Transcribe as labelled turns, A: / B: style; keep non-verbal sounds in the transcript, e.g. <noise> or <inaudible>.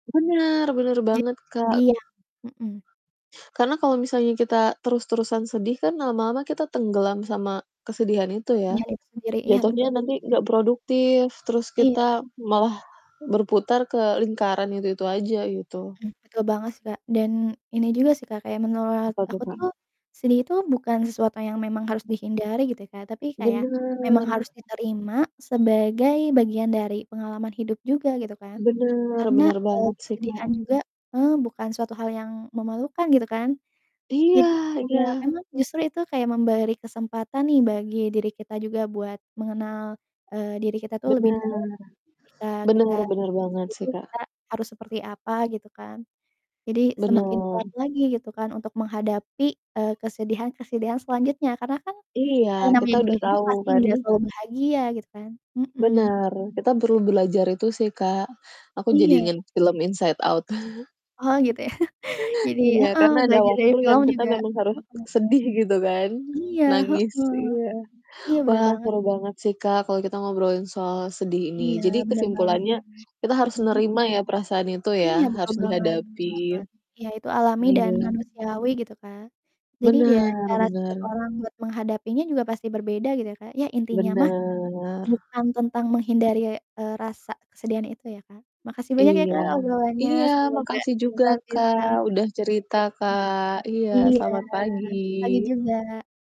A: Bener bener
B: Iya,
A: banget,
B: itu
A: Kak.
B: dia, mhm.
A: Karena kalau misalnya kita terus-terusan sedih kan lama-lama kita tenggelam sama kesedihan itu ya,
B: Kesedihan itu sendiri, iya betul.
A: jatuhnya nanti nggak produktif, terus
B: Iya ben
A: kita malah berputar ke lingkaran itu-itu aja gitu.
B: Mhm, betul banget sih, Kak, dan ini juga sih, Kak, kayak menurut
A: Apa tuh,
B: aku
A: Kak?
B: tuh sedih itu bukan sesuatu yang memang harus dihindari gitu, Kak, tapi kayak memang harus
A: Bener.
B: diterima sebagai bagian dari pengalaman hidup juga gitu kan,
A: Benar
B: karena,
A: benar
B: eee,
A: banget sih,
B: kesedihan
A: Kak.
B: juga heeh, bukan suatu hal yang memalukan gitu kan.
A: Iya
B: Jadi ya
A: iya.
B: memang justru itu kayak memberi kesempatan nih bagi diri kita juga buat mengenal, eee, diri kita tuh lebih dalam
A: Bener.
B: jika
A: Benar
B: kita
A: benar banget sih,
B: meskipun
A: Kak.
B: kita harus seperti apa gitu kan. Jadi semakin
A: Bener.
B: kuat lagi gitu kan untuk menghadapi, eee, kesedihan-kesedihan selanjutnya karena kan,
A: Iya
B: eee, namanya
A: kita udah
B: juga hidup
A: tahu
B: pasti
A: kan.
B: nggak selalu bahagia gitu kan, mhm.
A: Bener, kita perlu belajar itu sih, Kak. Aku jadi
B: Iya.
A: inget film Inside Out. <laughs>
B: Oh gitu ya, <chuckles> jadi
A: Iya,
B: heeh,
A: karena ada
B: belajar dari
A: waktu yang
B: film
A: kita
B: juga
A: memang harus
B: heeh.
A: sedih gitu kan.
B: Iya,
A: Nangis,
B: heeh.
A: iya.
B: Iya, bener
A: Wah
B: banget.
A: seru banget sih Kak, kalau kita ngobrolin soal sedih ini
B: Iya,
A: jadi
B: bener banget.
A: kesimpulannya kita harus
B: Mhm.
A: nerima ya perasaan itu ya
B: Iya betul
A: harus
B: banget betul
A: dihadapi.
B: banget. Iya itu alami dan
A: Iya.
B: manusiawi gitu Kak, jadi nih ya
A: Bener
B: cara setiap
A: bener.
B: orang buat menghadapinya juga pasti berbeda gitu ya Kak, ya intinya
A: Bener.
B: mah
A: M
B: bukan tentang menghindari, eee, rasa kesedihan itu ya, Kak, makasih banyak ya,
A: Iya.
B: Kak, obrolannya
A: Iya
B: semoga
A: makasih juga,
B: kita
A: Kak,
B: bisa.
A: udah cerita,
B: <unintelligible>
A: Kak. Iya
B: Iya,
A: selamat
B: pagi
A: pagi.
B: juga.